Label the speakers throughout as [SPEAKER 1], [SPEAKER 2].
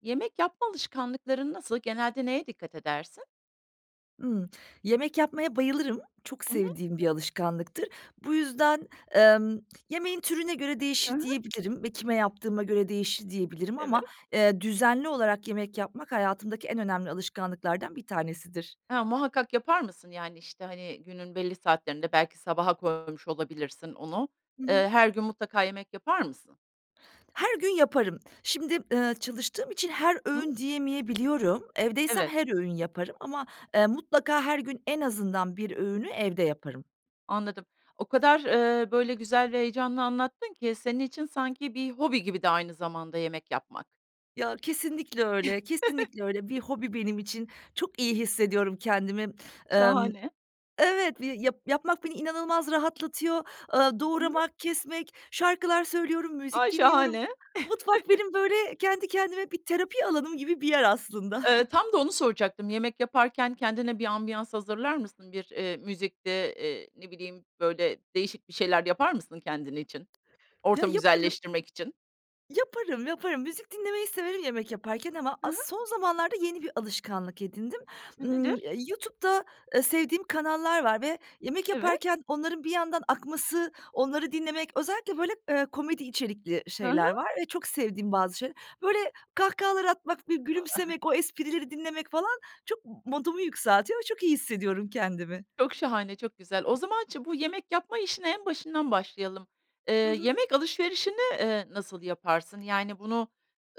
[SPEAKER 1] Yemek yapma alışkanlıkların nasıl, genelde neye dikkat edersin?
[SPEAKER 2] Imm. Yemek yapmaya bayılırım. Çok
[SPEAKER 1] Hı hı.
[SPEAKER 2] sevdiğim bir alışkanlıktır. Bu yüzden, emm, yemeğin türüne göre
[SPEAKER 1] Hı
[SPEAKER 2] değişir,
[SPEAKER 1] hı.
[SPEAKER 2] diyebilirim ve kime yaptığıma göre değişir, diyebilirim
[SPEAKER 1] Evet.
[SPEAKER 2] ama, eee, düzenli olarak yemek yapmak hayatımdaki en önemli alışkanlıklardan bir tanesidir.
[SPEAKER 1] Ha, muhakkak yapar mısın, yani, işte, hani, günün belli saatlerinde belki sabaha koymuş olabilirsin onu,
[SPEAKER 2] Hı
[SPEAKER 1] eee,
[SPEAKER 2] hı.
[SPEAKER 1] her gün mutlaka yemek yapar mısın?
[SPEAKER 2] Her gün yaparım. Şimdi, eee, çalıştığım için her
[SPEAKER 1] Hı hı.
[SPEAKER 2] öğün diyemeyebiliyorum. Evdeysem
[SPEAKER 1] Evet.
[SPEAKER 2] her öğün yaparım ama, eee, mutlaka her gün en azından 1 öğünü evde yaparım.
[SPEAKER 1] Anladım. O kadar, eee, böyle, güzel ve heyecanlı anlattın ki senin için sanki bir hobi gibi de aynı zamanda yemek yapmak.
[SPEAKER 2] Ya, kesinlikle öyle, kesinlikle öyle. Bir hobi benim için, çok iyi hissediyorum kendimi. Emm,
[SPEAKER 1] Şahane.
[SPEAKER 2] evet, yap yapmak beni inanılmaz rahatlatıyor. Eee,
[SPEAKER 1] Hı hı.
[SPEAKER 2] doğramak, kesmek, şarkılar söylüyorum, müzik
[SPEAKER 1] Ay,
[SPEAKER 2] dinliyorum.
[SPEAKER 1] şahane.
[SPEAKER 2] Mutfak benim, böyle, kendi kendime bir terapi alanım gibi bir yer aslında.
[SPEAKER 1] Eee, tam da onu soracaktım, yemek yaparken kendine bir ambiyans hazırlar mısın? Bir, eee, müzikti, eee, ne bileyim, böyle, değişik bir şeyler yapar mısın kendin için,
[SPEAKER 2] Ya,
[SPEAKER 1] ortamı
[SPEAKER 2] yaparım.
[SPEAKER 1] güzelleştirmek için?
[SPEAKER 2] Yaparım, yaparım. Müzik dinlemeyi severim yemek yaparken ama
[SPEAKER 1] Hı hı.
[SPEAKER 2] as son zamanlarda yeni bir alışkanlık edindim.
[SPEAKER 1] Hıı,
[SPEAKER 2] Imm,
[SPEAKER 1] nedir?
[SPEAKER 2] YouTube'da, ııı, sevdiğim kanallar var ve yemek
[SPEAKER 1] Evet.
[SPEAKER 2] yaparken onların bir yandan akması, onları dinlemek. Özellikle böyle, ııı, komedi içerikli
[SPEAKER 1] Hı hı.
[SPEAKER 2] şeyler var ve çok sevdiğim bazı şey Böyle kahkahalar atmak, bir
[SPEAKER 1] Iıı, aha.
[SPEAKER 2] gülümsemek, o esprileri dinlemek falan çok m modumu yükseltiyor ve çok iyi hissediyorum kendimi.
[SPEAKER 1] Çok şahane, çok güzel. O zaman çi bu yemek yapma işine en başından başlayalım.
[SPEAKER 2] Hı
[SPEAKER 1] Iıı,
[SPEAKER 2] hı.
[SPEAKER 1] yemek alışverişini, ııı, nasıl yaparsın? Yani bunu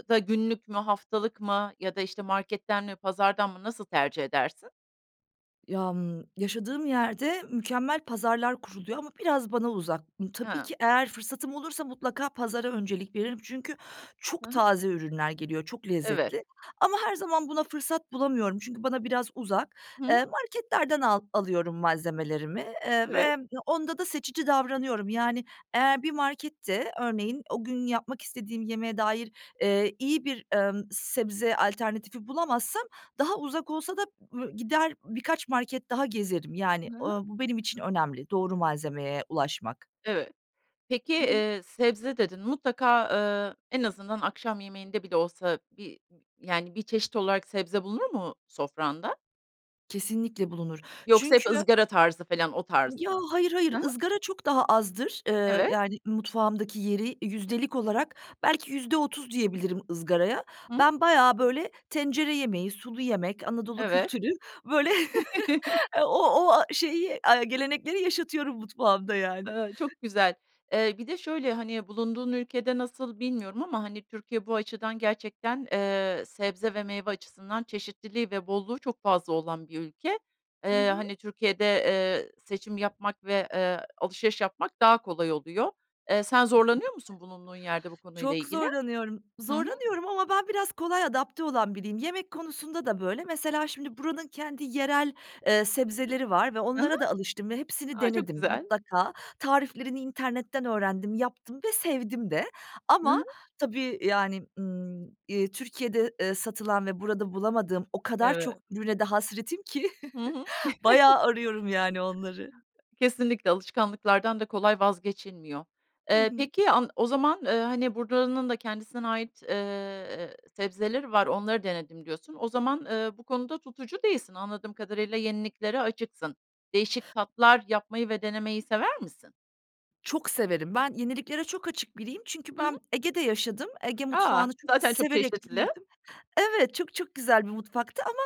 [SPEAKER 1] da günlük mü, haftalık mı ya da işte marketten mi pazardan mı nasıl tercih edersin?
[SPEAKER 2] Yam yaşadığım yerde mükemmel pazarlar kuruluyor ama biraz bana uzak. Imm, tabii
[SPEAKER 1] Ha.
[SPEAKER 2] ki eğer fırsatım olursa mutlaka pazara öncelik veririm. Çünkü
[SPEAKER 1] Hı
[SPEAKER 2] çok
[SPEAKER 1] hı.
[SPEAKER 2] taze ürünler geliyor, çok
[SPEAKER 1] Evet.
[SPEAKER 2] lezzetli ama her zaman buna fırsat bulamıyorum. Çünkü bana biraz uzak.
[SPEAKER 1] Hı hı.
[SPEAKER 2] Iıı, marketlerden al alıyorum malzemelerimi, ııı,
[SPEAKER 1] Evet.
[SPEAKER 2] ve onda da seçici davranıyorum. Yani eğer bir markette örneğin o gün yapmak istediğim yemeğe dair, ııı, iyi bir, emm, sebze alternatifi bulamazsam daha uzak olsa da, ııı, gider birkaç market daha gezerim. Yani,
[SPEAKER 1] Hı hı.
[SPEAKER 2] ııı, bu benim için önemli, doğru malzemeye ulaşmak.
[SPEAKER 1] Evet. Peki,
[SPEAKER 2] Hı hı.
[SPEAKER 1] ııı, sebze dedin, mutlaka, ııı, en azından akşam yemeğinde bile olsa bir yani 1 çeşit olarak sebze bulunur mu sofranda?
[SPEAKER 2] Kesinlikle bulunur.
[SPEAKER 1] Yoksa hep
[SPEAKER 2] Çünkü
[SPEAKER 1] ızgara tarzı felan, o tarz
[SPEAKER 2] Ya,
[SPEAKER 1] mı?
[SPEAKER 2] hayır, hayır,
[SPEAKER 1] Hı hı.
[SPEAKER 2] ızgara çok daha azdır. Eee,
[SPEAKER 1] Evet.
[SPEAKER 2] yani, mutfağımdaki yeri yüzdelik olarak belki %30 diyebilirim ızgaraya.
[SPEAKER 1] Hı hı.
[SPEAKER 2] Ben bayağı, böyle, tencere yemeği, sulu yemek, Anadolu
[SPEAKER 1] Evet.
[SPEAKER 2] kültürü, böyle, eee, o o a şeyi, a gelenekleri yaşatıyorum mutfağımda, yani.
[SPEAKER 1] Eee, çok güzel. E, bir de şöyle, hani, bulunduğun ülkede nasıl bilmiyorum ama, hani, Türkiye bu açıdan gerçekten, eee, sebze ve meyve açısından çeşitliliği ve bolluğu çok fazla olan bir ülke.
[SPEAKER 2] Hı
[SPEAKER 1] Eee,
[SPEAKER 2] hı.
[SPEAKER 1] hani, Türkiye'de, eee, seçim yapmak ve, eee, alışveriş yapmak daha kolay oluyor. Eee, sen
[SPEAKER 2] Kesinlikle.
[SPEAKER 1] zorlanıyor musun bulunduğun yerde bu konuyla
[SPEAKER 2] Çok
[SPEAKER 1] ilgili?
[SPEAKER 2] zorlanıyorum.
[SPEAKER 1] Hı hı.
[SPEAKER 2] Zorlanıyorum ama ben biraz kolay adapte olan biriyim. Yemek konusunda da böyle. Mesela, şimdi buranın kendi yerel, eee, sebzeleri var ve
[SPEAKER 1] Hı hı.
[SPEAKER 2] onlara da alıştım ve hepsini
[SPEAKER 1] A, çok
[SPEAKER 2] denedim,
[SPEAKER 1] güzel.
[SPEAKER 2] mutlaka. Tariflerini internetten öğrendim, yaptım ve sevdim de
[SPEAKER 1] Hı
[SPEAKER 2] ama
[SPEAKER 1] hı.
[SPEAKER 2] tabii, yani, ımm, eee, Türkiye'de, eee, satılan ve burada bulamadığım o kadar çok
[SPEAKER 1] Evet.
[SPEAKER 2] ürüne de hasretim ki
[SPEAKER 1] Hı hı.
[SPEAKER 2] bayağı arıyorum, yani, onları.
[SPEAKER 1] Kesinlikle, alışkanlıklardan da kolay vazgeçilmiyor.
[SPEAKER 2] Hı
[SPEAKER 1] Eee,
[SPEAKER 2] hı.
[SPEAKER 1] peki, an o zaman, eee, hani, buranın da kendisine ait, eee, sebzeleri var, onları denedim diyorsun. O zaman, eee, bu konuda tutucu değilsin, anladığım kadarıyla, yeniliklere açıksın. Değişik tatlar yapmayı ve denemeyi sever misin?
[SPEAKER 2] Çok severim. Ben yeniliklere çok açık biriyim çünkü
[SPEAKER 1] Hı hı.
[SPEAKER 2] ben Ege'de yaşadım. Ege
[SPEAKER 1] A!
[SPEAKER 2] mutfağını çok
[SPEAKER 1] Zaten çok
[SPEAKER 2] severek
[SPEAKER 1] çeşitli.
[SPEAKER 2] büyüdüm. Evet, çok çok güzel bir mutfaktı ama,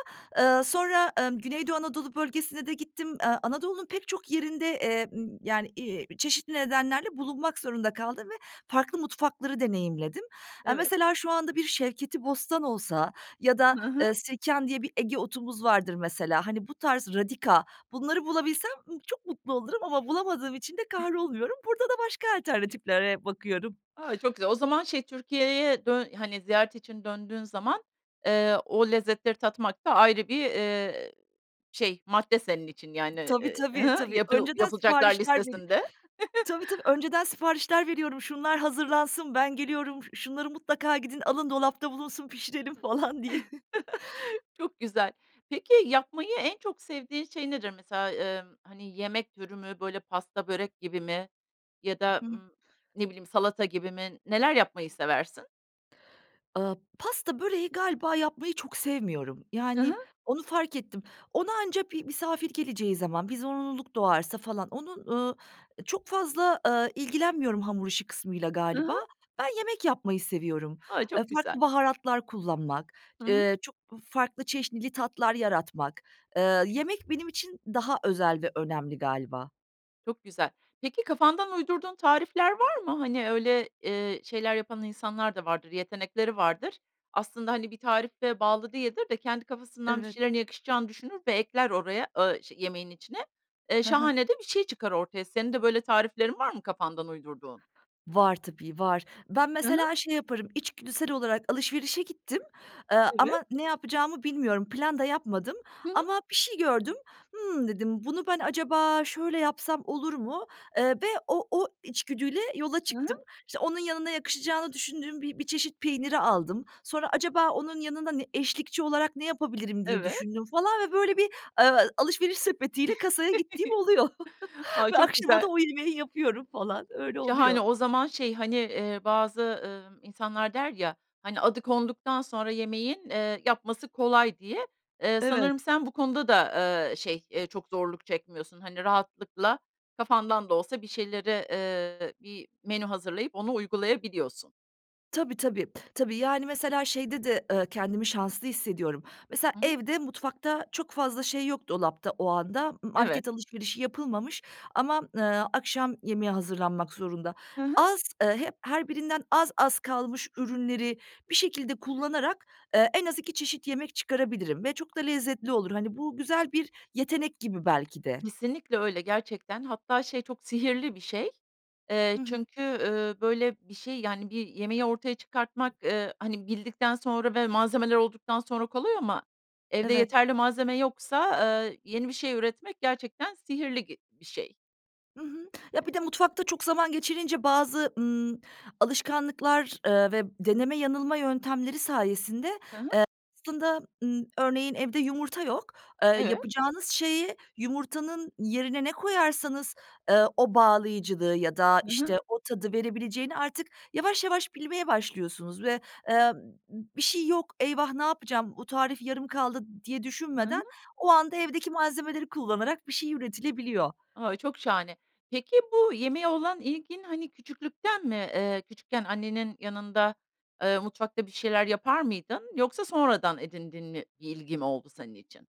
[SPEAKER 2] eee, sonra, emm, Güneydoğu Anadolu Bölgesi'ne de gittim. Eee, Anadolu'nun pek çok yerinde, eee, ımm, yani, iii, çeşitli nedenlerle bulunmak zorunda kaldım ve farklı mutfakları deneyimledim. Eee,
[SPEAKER 1] Evet.
[SPEAKER 2] mesela, şu anda bir şevketibostan olsa ya da,
[SPEAKER 1] Hı hı.
[SPEAKER 2] eee, sirken diye bir Ege otumuz vardır, mesela, hani, bu tarz radika, bunları bulabilsem, ımm, çok mutlu olurum ama bulamadığım için de kahrolmuyorum. Burada da başka alternatiflere bakıyorum.
[SPEAKER 1] Ay, çok güzel. O zaman, şey, Türkiye'ye dön hani ziyaret için döndüğün zaman, eee, o lezzetleri tatmak da ayrı bir, eee, şey, madde senin için, yani,
[SPEAKER 2] Tabii,
[SPEAKER 1] ııı,
[SPEAKER 2] tabii,
[SPEAKER 1] hı hı,
[SPEAKER 2] tabii,
[SPEAKER 1] yapı
[SPEAKER 2] önceden
[SPEAKER 1] yapılacaklar
[SPEAKER 2] siparişler veri
[SPEAKER 1] listesinde.
[SPEAKER 2] tabii, tabii, önceden siparişler veriyorum, şunlar hazırlansın, ben geliyorum, şu şunları mutlaka gidin alın, dolapta bulunsun, pişirelim, falan diye.
[SPEAKER 1] Çok güzel. Peki, yapmayı en çok sevdiğin şey nedir? Mesela, emm, hani, yemek türü mü, böyle, pasta, börek gibi mi ya da,
[SPEAKER 2] I hı.
[SPEAKER 1] ımm, ne bileyim, salata gibi mi, neler yapmayı seversin?
[SPEAKER 2] Iıı, pasta, böreği galiba yapmayı çok sevmiyorum.
[SPEAKER 1] Hı hı.
[SPEAKER 2] Yani, onu fark ettim. Ona anca bir misafir geleceği zaman, bir zorunluluk doğarsa falan, onun, ııı, çok fazla, ııı, ilgilenmiyorum hamur işi kısmıyla
[SPEAKER 1] Hı
[SPEAKER 2] galiba.
[SPEAKER 1] hı.
[SPEAKER 2] Ben yemek yapmayı seviyorum.
[SPEAKER 1] Ay,
[SPEAKER 2] Eee,
[SPEAKER 1] çok güzel.
[SPEAKER 2] farklı baharatlar kullanmak,
[SPEAKER 1] Hı hı.
[SPEAKER 2] eee, çok farklı çeşnili tatlar yaratmak. Eee, yemek benim için daha özel ve önemli galiba.
[SPEAKER 1] Çok güzel. Peki, kafandan uydurduğun tarifler var mı? Hani öyle, eee, şeyler yapan insanlar da vardır, yetenekleri vardır. Aslında hani bir tarife bağlı değildir de, kendi kafasından bir
[SPEAKER 2] Evet.
[SPEAKER 1] şeylerin yakışacağını düşünür ve ekler oraya a şe yemeğin içine. Eee,
[SPEAKER 2] He he.
[SPEAKER 1] şahane de bir şey çıkar ortaya, senin de böyle tariflerin var mı kafandan uydurduğun?
[SPEAKER 2] Var tabii, var. Ben
[SPEAKER 1] Hı hı.
[SPEAKER 2] mesela şey yaparım, içgüdüsel olarak alışverişe gittim, eee,
[SPEAKER 1] Evet.
[SPEAKER 2] ama ne yapacağımı bilmiyorum, plan da yapmadım.
[SPEAKER 1] Hı hı.
[SPEAKER 2] Ama bir şey gördüm, ımm, dedim, "Bunu ben acaba şöyle yapsam olur mu?" Eee, ve o o içgüdüyle yola
[SPEAKER 1] Hı hı.
[SPEAKER 2] çıktım. İşte, onun yanına yakışacağını düşündüğüm bi bir çeşit peyniri aldım. Sonra "Acaba onun yanında ne eşlikçi olarak ne yapabilirim?" diye
[SPEAKER 1] Evet.
[SPEAKER 2] düşündüm falan ve böyle bir, eee, alışveriş sepetiyle kasaya gittiğim oluyor.
[SPEAKER 1] Ay,
[SPEAKER 2] Ve
[SPEAKER 1] çok
[SPEAKER 2] akşama da
[SPEAKER 1] güzel.
[SPEAKER 2] o yemeği yapıyorum falan öyle
[SPEAKER 1] Şahane,
[SPEAKER 2] oluyor.
[SPEAKER 1] o zaman şey, hani, eee, bazı, ııı, insanlar der ya, hani, "Adı konduktan sonra yemeğin, eee, yapması kolay." diye. Eee,
[SPEAKER 2] Evet.
[SPEAKER 1] sanırım sen bu konuda da, eee, şey, eee, çok zorluk çekmiyorsun. Hani, rahatlıkla kafandan da olsa bir şeylere, eee, bir menü hazırlayıp onu uygulayabiliyorsun.
[SPEAKER 2] Tabii, tabii. Tabii, yani, mesela şeyde de, ııı, kendimi şanslı hissediyorum. Mesela
[SPEAKER 1] Hı hı.
[SPEAKER 2] evde, mutfakta çok fazla şey yok dolapta o anda. M
[SPEAKER 1] Evet.
[SPEAKER 2] market alışverişi yapılmamış ama, ııı, akşam yemeği hazırlanmak zorunda.
[SPEAKER 1] Hı hı.
[SPEAKER 2] Az, eee, hep her birinden az az kalmış ürünleri bir şekilde kullanarak, eee, en az 2 çeşit yemek çıkarabilirim ve çok da lezzetli olur. Hani, bu güzel bir yetenek gibi belki de.
[SPEAKER 1] Kesinlikle öyle, gerçekten. Hatta, şey, çok sihirli bir şey. Eee,
[SPEAKER 2] Hı hı.
[SPEAKER 1] çünkü, ııı, böyle, bir şey, yani, bir yemeği ortaya çıkartmak, ııı, hani, bildikten sonra ve malzemeler olduktan sonra kolay ama evde
[SPEAKER 2] Evet.
[SPEAKER 1] yeterli malzeme yoksa, eee, yeni bir şey üretmek gerçekten sihirli gi bir şey.
[SPEAKER 2] Hı hı. Ya, bir de mutfakta çok zaman geçirince bazı, ımm, alışkanlıklar, eee, ve deneme, yanılma yöntemleri sayesinde, eee,
[SPEAKER 1] Hı hı.
[SPEAKER 2] aslında, ımm, örneğin evde yumurta yok. Eee,
[SPEAKER 1] Evet.
[SPEAKER 2] yapacağınız şeyi yumurtanın yerine ne koyarsanız, ııı, o bağlayıcılığı ya da,
[SPEAKER 1] Hı hı.
[SPEAKER 2] işte, o tadı verebileceğini artık yavaş yavaş bilmeye başlıyorsunuz ve, eee, "B bir şey yok. Eyvah! Ne yapacağım? Bu tarif yarım kaldı." diye
[SPEAKER 1] Hı hı.
[SPEAKER 2] düşünmeden o anda evdeki malzemeleri kullanarak bir şey üretilebiliyor.
[SPEAKER 1] A. Çok şahane. Peki, bu yemeğe olan ilgin, hani, küçüklükten mi? Eee, küçükken annenin yanında, eee, mutfakta bir şeyler yapar mıydın? Yoksa sonradan edindiğin n bir ilgi mi oldu senin için?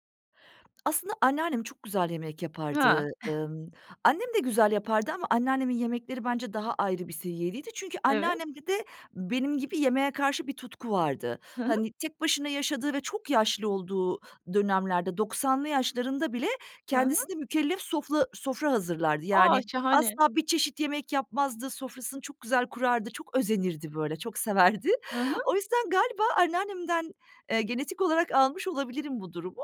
[SPEAKER 2] Aslında anneannem çok güzel yemek
[SPEAKER 1] Ya.
[SPEAKER 2] yapardı. Imm, annem de güzel yapardı ama anneannemin yemekleri bence daha ayrı bir seviyedeydi. Çünkü
[SPEAKER 1] Evet.
[SPEAKER 2] anneannemde de benim gibi yemeğe karşı bir tutku vardı.
[SPEAKER 1] Hı hı.
[SPEAKER 2] Hani, tek başına yaşadığı ve çok yaşlı olduğu dönemlerde, 90'lı yaşlarında bile
[SPEAKER 1] Hı hı.
[SPEAKER 2] kendisine mükellef sofla sofra hazırlardı.
[SPEAKER 1] A!
[SPEAKER 2] Yani,
[SPEAKER 1] Şahane.
[SPEAKER 2] asla bir çeşit yemek yapmazdı, sofrasını çok güzel kurardı, çok özenirdi böyle, çok severdi.
[SPEAKER 1] Hı hı.
[SPEAKER 2] O yüzden galiba anneannemden, eee, genetik olarak almış olabilirim bu durumu.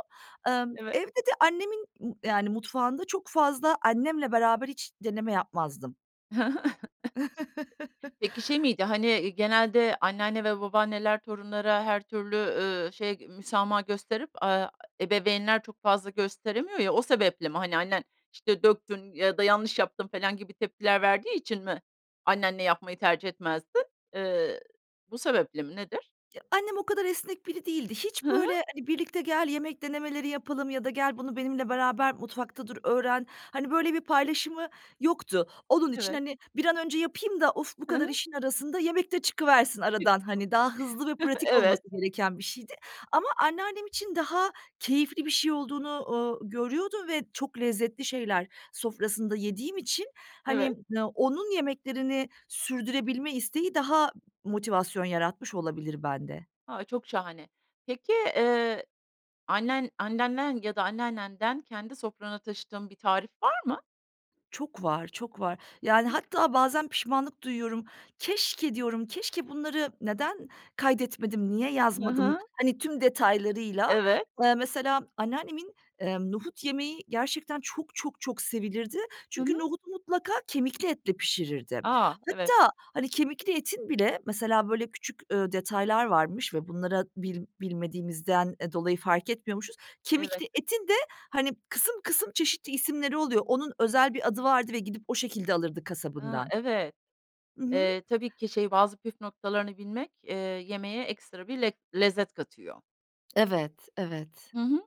[SPEAKER 2] Imm,
[SPEAKER 1] Evet.
[SPEAKER 2] evde de annemin, ııı, yani, mutfağında çok fazla annemle beraber hiç deneme yapmazdım.
[SPEAKER 1] Hı hı. [unintelligible] Peki, şey miydi? Hani, ııı, genelde anneanne ve babaanneler torunlara her türlü, eee, şey müsamaha gösterip, aaa, ebeveynler çok fazla gösteremiyor ya, o sebeple mi? Hani, annen, işte, döktün ya da yanlış yaptın felan gibi tepkiler verdiği için mi annenle yapmayı tercih etmezdin? Eee, bu sebeple mi? Nedir?
[SPEAKER 2] Ya, annem o kadar esnek biri değildi. Hiç
[SPEAKER 1] Hı hı.
[SPEAKER 2] böyle, hani, birlikte gel yemek denemeleri yapalım ya da gel bunu benimle beraber mutfakta dur öğren. Hani, böyle bir paylaşımı yoktu. Onun için,
[SPEAKER 1] Evet.
[SPEAKER 2] hani, bir an önce yapayım da, of, bu
[SPEAKER 1] Hı
[SPEAKER 2] kadar
[SPEAKER 1] hı.
[SPEAKER 2] işin arasında yemek de çıkıversin aradan,
[SPEAKER 1] [unintelligible]
[SPEAKER 2] hani, daha hızlı ve pratik olması
[SPEAKER 1] Evet.
[SPEAKER 2] gereken bir şeydi. Ama anneannem için daha keyifli bir şey olduğunu, ooo, görüyordum ve çok lezzetli şeyler sofrasında yediğim için, hani,
[SPEAKER 1] Evet.
[SPEAKER 2] n onun yemeklerini sürdürebilme isteği daha motivasyon yaratmış olabilir bende.
[SPEAKER 1] A, çok şahane. Peki, eee, annen, anneannen ya da anneannenden kendi sofranana taşıdığın bir tarif var mı?
[SPEAKER 2] Çok var, çok var. Yani hatta bazen pişmanlık duyuyorum. Keşke diyorum, keşke bunları neden kaydetmedim, niye
[SPEAKER 1] Hı
[SPEAKER 2] yazmadım.
[SPEAKER 1] hı.
[SPEAKER 2] Hani tüm detaylarıyla,
[SPEAKER 1] Evet.
[SPEAKER 2] eee, mesela anneannemin, emm, nohut yemeği gerçekten çok çok çok sevilirdi.
[SPEAKER 1] Hı hı.
[SPEAKER 2] Çünkü nohutu mutlaka kemikli etle pişirirdi.
[SPEAKER 1] A! Evet.
[SPEAKER 2] Hatta hani kemikli etin bile mesela böyle küçük, ııı, detaylar varmış ve bunlara bil bilmediğimizden, eee, dolayı fark etmiyormuşuz.
[SPEAKER 1] Evet.
[SPEAKER 2] Kemikli etin de hani kısım kısım çeşitli isimleri oluyor. Onun özel bir adı vardı ve gidip o şekilde alırdı
[SPEAKER 1] A,
[SPEAKER 2] kasabından.
[SPEAKER 1] evet.
[SPEAKER 2] Hı hı.
[SPEAKER 1] Eee, tabii ki şey bazı püf noktalarını bilmek, eee, yemeğe ekstra bir lek lezzet katıyor.
[SPEAKER 2] Evet, evet.
[SPEAKER 1] Hı hı.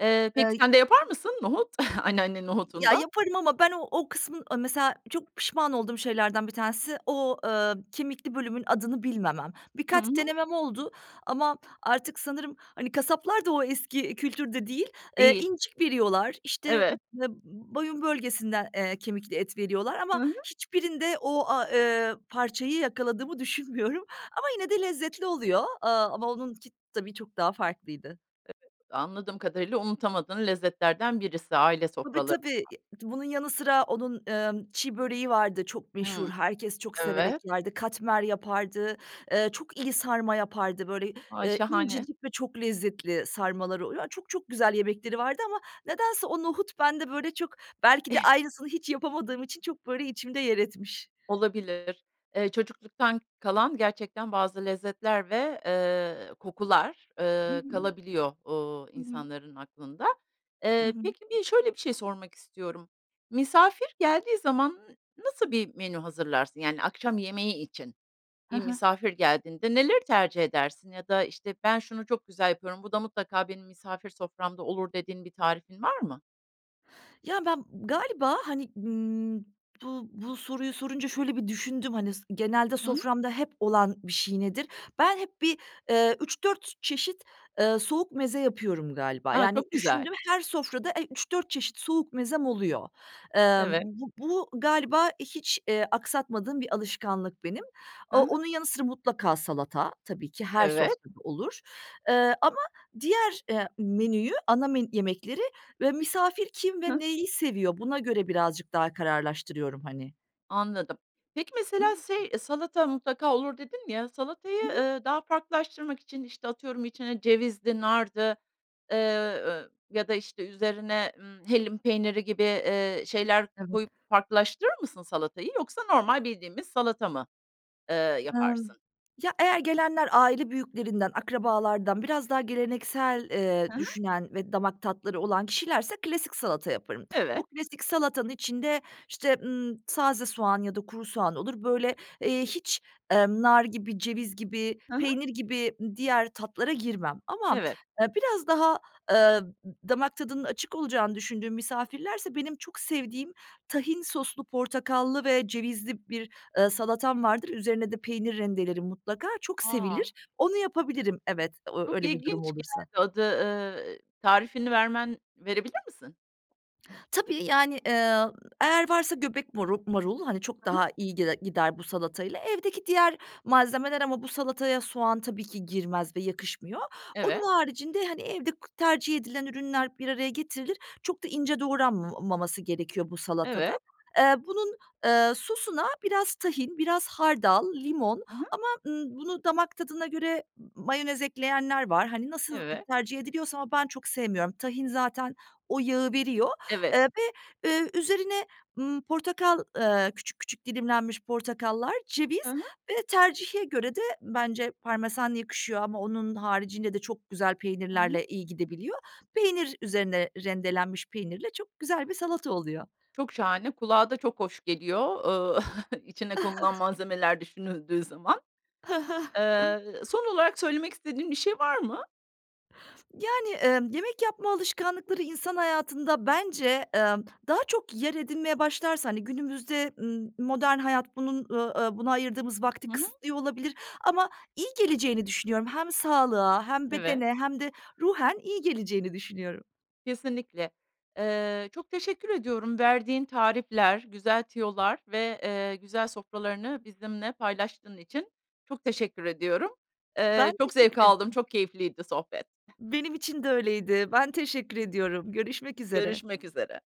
[SPEAKER 1] Eee, peki,
[SPEAKER 2] Ey
[SPEAKER 1] sen de yapar mısın nohut, anneannenin
[SPEAKER 2] Y ya
[SPEAKER 1] nohutundan?
[SPEAKER 2] yaparım ama ben o o kısmın, eee, mesela çok pişman olduğum şeylerden 1 tanesi o, eee, kemikli bölümün adını bilmemem.
[SPEAKER 1] Hı
[SPEAKER 2] Birkaç
[SPEAKER 1] hı.
[SPEAKER 2] denemem oldu ama artık sanırım, hani, kasaplar da o eski kültürde değil. Eee,
[SPEAKER 1] Değil.
[SPEAKER 2] incik veriyorlar, işte
[SPEAKER 1] Evet.
[SPEAKER 2] b n boyun bölgesinden, eee, kemikli et veriyorlar ama
[SPEAKER 1] Hı hı.
[SPEAKER 2] hiçbirinde o a eee, parçayı yakaladığımı düşünmüyorum ama yine de lezzetli oluyor, eee, ama onun ki tabii çok daha farklıydı.
[SPEAKER 1] [unintelligible] Anladığım kadarıyla unutamadığın lezzetlerden birisi aile
[SPEAKER 2] Tabii,
[SPEAKER 1] sofralarında.
[SPEAKER 2] tabii, e, bunun yanı sıra onun, ııı, çi böreği vardı çok meşhur,
[SPEAKER 1] Hımm.
[SPEAKER 2] herkes çok severek
[SPEAKER 1] Evet.
[SPEAKER 2] yerdi, katmer yapardı, eee, çok iyi sarma yapardı böyle,
[SPEAKER 1] Vay,
[SPEAKER 2] ııı,
[SPEAKER 1] şahane.
[SPEAKER 2] incecik ve çok lezzetli sarmaları oluyo Çok, çok güzel yemekleri vardı ama nedense o nohut bende böyle çok, belki de aynısını hiç yapamadığım için çok, böyle, içimde yer etmiş.
[SPEAKER 1] Olabilir. Eee, çocukluktan kalan gerçekten bazı lezzetler ve, eee, kokular,
[SPEAKER 2] Hı
[SPEAKER 1] ııı,
[SPEAKER 2] hı.
[SPEAKER 1] kalabiliyor, ııı,
[SPEAKER 2] Hı hı.
[SPEAKER 1] insanların aklında.
[SPEAKER 2] Hı
[SPEAKER 1] Eee,
[SPEAKER 2] hı.
[SPEAKER 1] peki, bi şöyle bir şey sormak istiyorum: Misafir geldiği zaman n nasıl bir menü hazırlarsın? Yani akşam yemeği için
[SPEAKER 2] He
[SPEAKER 1] bir
[SPEAKER 2] he.
[SPEAKER 1] misafir geldiğinde neleri tercih edersin ya da, işte, "Ben şunu çok güzel yapıyorum, bu da mutlaka benim misafir soframda olur." dediğin bir tarifin var mı?
[SPEAKER 2] Ya, ben galiba, hani, ımm, bu bu soruyu sorunca şöyle bir düşündüm. Hani s genelde
[SPEAKER 1] Hı hı.
[SPEAKER 2] soframda hep olan bir şey nedir? Ben hep bir, ııı, 3-4 çeşit, ııı, soğuk meze yapıyorum galiba.
[SPEAKER 1] A,
[SPEAKER 2] Yani,
[SPEAKER 1] çok güzel.
[SPEAKER 2] düşündüm her sofrada, eee, 3-4 çeşit soğuk mezem oluyor. Emm,
[SPEAKER 1] Evet.
[SPEAKER 2] bu bu galiba, eee, hiç, eee, aksatmadığım bir alışkanlık benim.
[SPEAKER 1] Hı
[SPEAKER 2] Aaa,
[SPEAKER 1] hı.
[SPEAKER 2] onun yanı sıra mutlaka salata tabii ki her
[SPEAKER 1] Evet.
[SPEAKER 2] sofrada olur, eee, ama diğer, eee, menüyü ana men yemekleri ve misafir kim ve
[SPEAKER 1] Hıh.
[SPEAKER 2] neyi seviyor buna göre birazcık daha kararlaştırıyorum hani.
[SPEAKER 1] Anladım. Peki
[SPEAKER 2] I
[SPEAKER 1] mesela,
[SPEAKER 2] hı.
[SPEAKER 1] şey, salata mutlaka olur, dedin ya,
[SPEAKER 2] I
[SPEAKER 1] salatayı,
[SPEAKER 2] hı.
[SPEAKER 1] ııı, daha farklılaştırmak için, işte, atıyorum içine cevizdi, nardı, eee, ııı, ya da, işte, üzerine, ımm, hellim peyniri gibi, eee, şeyler
[SPEAKER 2] Evet.
[SPEAKER 1] koyup farklılaştırır mısın salatayı? Yoksa normal bildiğimiz salata mı, eee,
[SPEAKER 2] Imm,
[SPEAKER 1] yaparsın?
[SPEAKER 2] ya eğer gelenler aile büyüklerinden, akrabalardan biraz daha geleneksel,
[SPEAKER 1] Hı
[SPEAKER 2] eee,
[SPEAKER 1] hı.
[SPEAKER 2] düşünen ve damak tatları olan kişilerse klasik salata yaparım. Bu
[SPEAKER 1] Evet.
[SPEAKER 2] klasik salatanın içinde, işte, ımm, taze soğan ya da kuru soğan olur. Böyle, eee, hiç, emm, nar gibi, ceviz gibi,
[SPEAKER 1] Hı hı.
[SPEAKER 2] peynir gibi, ııı, diğer tatlara girmem ama,
[SPEAKER 1] Evet.
[SPEAKER 2] eee, biraz daha, eee, d damak tadının açık olacağını düşündüğüm misafirlerse benim çok sevdiğim tahin soslu, portakallı ve cevizli bir, ııı, salatam vardır. Üzerine de peynir rendelelerim mutlaka. Çok sevilir.
[SPEAKER 1] A!
[SPEAKER 2] Onu yapabilirim, evet, o
[SPEAKER 1] Çok
[SPEAKER 2] öyle bir durum
[SPEAKER 1] ilginç
[SPEAKER 2] olursa.
[SPEAKER 1] geldi adı, ııı, tarifini vermen verebilir misin?
[SPEAKER 2] Tabii, yani, eee, eğer varsa göbek marul marul, hani, çok
[SPEAKER 1] He he.
[SPEAKER 2] daha iyi gide gider, bu salatayla. Evdeki diğer malzemeler ama bu salataya soğan tabii ki girmez ve yakışmıyor.
[SPEAKER 1] Evet.
[SPEAKER 2] Onun haricinde, hani, evde k tercih edilen ürünler bir araya getirilir, çok da ince doğranmamaması gerekiyor, bu salatada.
[SPEAKER 1] Evet.
[SPEAKER 2] Eee, bunun sosuna biraz tahin, biraz hardal, limon
[SPEAKER 1] Hı hı.
[SPEAKER 2] ama, ııı, bunu damak tadına göre m mayonez ekleyenler var. Hani, nasıl
[SPEAKER 1] Evet.
[SPEAKER 2] tercih ediliyorsa ama ben çok sevmiyorum, tahin zaten o yağı veriyor,
[SPEAKER 1] Evet.
[SPEAKER 2] eee, ve, eee, üzerine, ımm, portakal, eee, küçük küçük dilimlenmiş portakallar,
[SPEAKER 1] Hı
[SPEAKER 2] ceviz
[SPEAKER 1] hı.
[SPEAKER 2] ve tercihe göre de bence parmesan yakışıyor ama onun haricinde de çok güzel
[SPEAKER 1] Hı hı.
[SPEAKER 2] peynirlerle iyi gidebiliyor. Peynir, üzerine rendelenmiş peynirle çok güzel bir salata oluyor.
[SPEAKER 1] Çok şahane, kulağa da çok hoş geliyor, ııı, içine konulan malzemeler düşünüldüğü zaman.
[SPEAKER 2] He he.
[SPEAKER 1] Eee, son olarak söylemek istediğin bir şey var mı?
[SPEAKER 2] Yani, ımm, yemek yapma alışkanlıkları, insan hayatında, bence, emm, daha çok yer edinmeye başlarsa, hani, günümüzde m modern hayat bunun, ııı, aaa, buna ayırdığımız vakti
[SPEAKER 1] Hı hı.
[SPEAKER 2] kısıtlıyor olabilir ama iyi geleceğini düşünüyorum. Hem sağlığa, hem
[SPEAKER 1] Evet.
[SPEAKER 2] bedene hem de ruhen iyi geleceğini düşünüyorum.
[SPEAKER 1] Kesinlikle. Eee, çok teşekkür ediyorum, verdiğin tarifler, güzel tüyolar ve, eee, güzel sofralarını, bizimle paylaştığın için. Çok teşekkür ediyorum. Eee,
[SPEAKER 2] Ben
[SPEAKER 1] çok zevk
[SPEAKER 2] teşekkür
[SPEAKER 1] aldım,
[SPEAKER 2] ederim.
[SPEAKER 1] çok keyifliydi sohbet.
[SPEAKER 2] Benim için de öyleydi. Ben teşekkür ediyorum. Görüşmek üzere.
[SPEAKER 1] Görüşmek üzere.